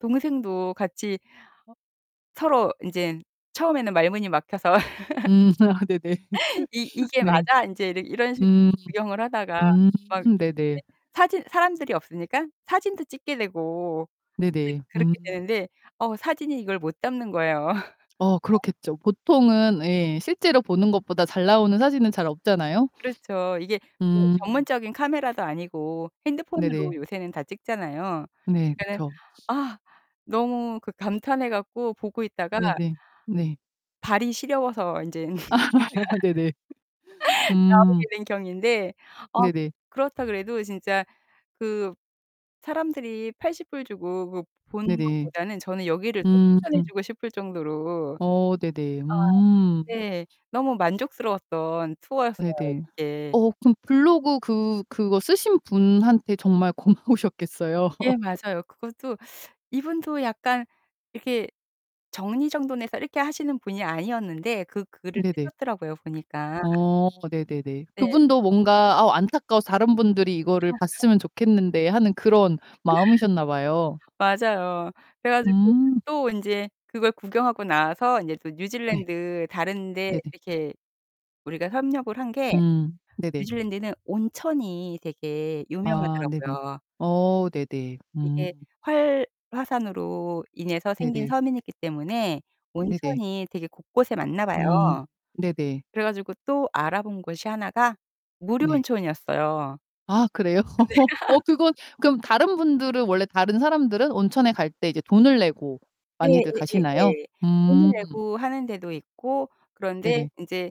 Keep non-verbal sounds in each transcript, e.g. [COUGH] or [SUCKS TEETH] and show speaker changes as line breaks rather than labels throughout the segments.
동생도 같이 서로 인젠 처음에는 말문이 막혀서 [LAUGHS]
음. 아, 네네.
"이
[LAUGHS]
이게
네.
맞아?" 인제 이러 이런 식으로
음.
구경을 하다가
음.
막 인제
네네.
사진 사람들이 없으니까 사진도 찍게 되고 이제
네네.
그렇게
음.
되는데 어 사진이 이걸 못 담는 거예요. [LAUGHS]
어 그렇겠죠. 보통은 예 실제로 보는 것보다 잘 나오는 사진은 잘 없잖아요.
그렇죠. 이게 그
음.
전문적인 카메라도 아니고 핸드폰으로
네네.
요새는 다 찍잖아요.
네,
그니까는
그쵸.
아 너무 그 감탄해 갖고 보고 있다가
네네. 네.
발이 시려워서 인제는
아.
[LAUGHS]
네네. [LAUGHS] 음.
나오게 된 경위인데 아
네네.
그렇다 그래도 진짜 그 사람들이 $80 주고 그 보는
네네.
것보다는 저는 여기를 더
음.
추천해 주고 싶을 정도로 아
어, 네네. 음.
네. 너무 만족스러웠던 투어였어요,
네네.
이게.
어 그럼 블로그 그 그거 쓰신 분한테 정말 고마우셨겠어요.
예,
[LAUGHS]
맞아요. 그것도 [SUCKS TEETH] 이분도 약간 이렇게 정리정돈해서 이렇게 하시는 분이 아니었는데 그 글을
네네.
쓰셨더라고요 보니까.
어 네네네.
네.
그분도 뭔가 아우 안타까워서 다른 분들이 이거를
[LAUGHS]
봤으면 좋겠는데 하는 그런 마음이셨나 봐요.
맞아요. 그래 가지고
음.
또 인제 그걸 구경하고 나와서 인제 또
네.
뉴질랜드 다른 데
네네.
이렇게 우리가 협력을 한 게
음, 네네.
뉴질랜드는 온천이 되게
아 네네.
유명하더라고요.
어 네네.
이게
음.
활화산으로 인해서 생긴
네네.
섬이기 때문에
네네.
온천이 되게 곳곳에 많나
음
봐요.
네네.
그래 가지고 또 알아본 곳이 하나가 무료
네.
온천이었어요. 아
아 그래요? [LAUGHS] 어
네. [LAUGHS]
그건 그럼 다른 분들은 원래 다른 사람들은 온천에 갈 때 이제 돈을 내고 많이들 가시나요?
예예예예.
음.
돈을 내고 하는 데도 있고 그런데
네네.
인제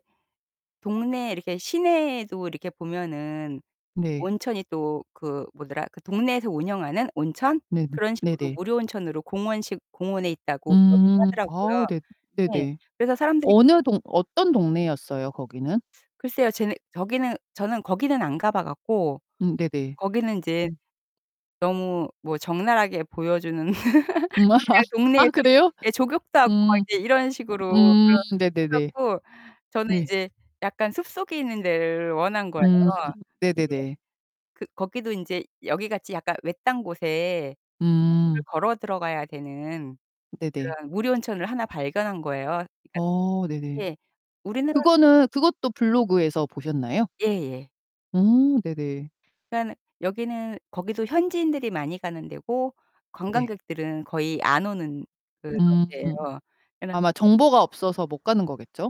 동네 이렇게 시내에도 이렇게 보면은
네.
온천이 또 그 뭐더라. 그 동네에서 운영하는 온천?
네네.
그런 식으로
네네.
무료 온천으로 공원식 공원에 있다고 그러기도
음.
하더라고요.
아, 네.
네.
네네.
그래서 사람들이
어느 동 어떤 동네였어요, 거기는?
[SUCKS TEETH] 글쎄요. 쟤는 저기는 저는 거기는 안 가봐 갖고
음 네네.
거기는 인제
음.
너무 뭐 적나라하게 보여주는
음.
[LAUGHS] 그냥
[LAUGHS] 아,
동네에서 이렇게
그래요?
예, 족욕도 하고 막
음.
이제 이런 식으로
음.
그걸 해
네네네.
갖고 저는
네.
인제 약간 숲속에 있는 데를 원한 거예요.
음,
근데
네네네.
그 거기도 인제 여기 같이 약간 외딴 곳에
음.
[UNINTELLIGIBLE] 걸어 들어가야 되는
네네.
그런 무료 온천을 하나 발견한 거예요. 그러니까
어 네네.
예. 우리나라
그거는 그것도 블로그에서 보셨나요?
예예.
음 네네.
그니깐 여기는 거기도 현지인들이 많이 가는 데고
네.
관광객들은 거의 안 오는 그런
음.
데예요. [UNINTELLIGIBLE]
아마 정보가 없어서 못 가는 거겠죠?